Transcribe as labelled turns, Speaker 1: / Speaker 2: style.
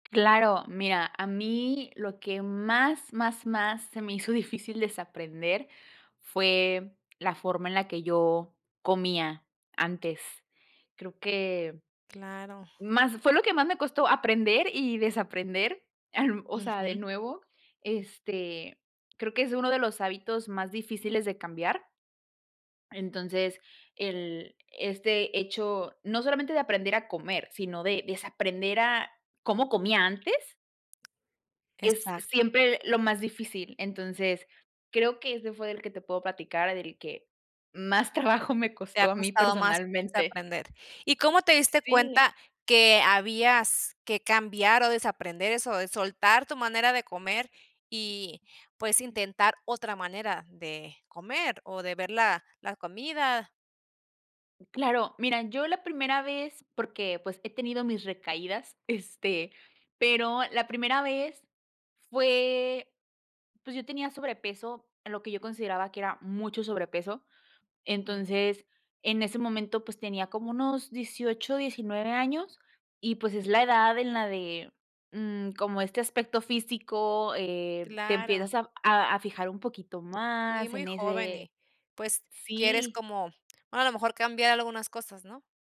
Speaker 1: Claro, mira, a mí lo que más, más, más, se me hizo difícil desaprender, fue la forma en la que yo comía antes. Creo que,
Speaker 2: Claro.
Speaker 1: más fue lo que más me costó aprender y desaprender, em, o sea, de
Speaker 2: Ujú.
Speaker 1: nuevo, este, creo que es uno de los hábitos más difíciles de cambiar Entonces el este hecho no solamente de aprender a comer, sino de desaprender a cómo comía antes es
Speaker 2: Exacto.
Speaker 1: siempre lo más difícil. Entonces, creo que ese fue del que te puedo platicar, del que más trabajo me
Speaker 2: Te ha
Speaker 1: costó a mí
Speaker 2: costado más
Speaker 1: personalmente.
Speaker 2: desaprender. ¿Y cómo te diste
Speaker 1: Sí.
Speaker 2: cuenta que habías que cambiar, o, desaprender eso, de soltar tu manera de comer, y, pues, intentar otra manera de comer, o, de ver la la comida?
Speaker 1: Claro, mira, yo la primera vez, porque, pues, he tenido mis recaídas, este, pero la primera vez fue pues, yo tenía sobrepeso, lo que yo consideraba que era mucho sobrepeso.
Speaker 2: Ujú.
Speaker 1: Entonces, en ese momento, pues, tenía como unos 18, 19 años, y pues, es la edad en la de, mm, como este aspecto físico, eh, te
Speaker 2: Claro.
Speaker 1: empiezas a a a fijar un poquito
Speaker 2: Sí,
Speaker 1: más
Speaker 2: muy
Speaker 1: en
Speaker 2: joven
Speaker 1: ese
Speaker 2: y, pues, quieres
Speaker 1: sí.
Speaker 2: como, a lo mejor cambiar algunas cosas, ¿no?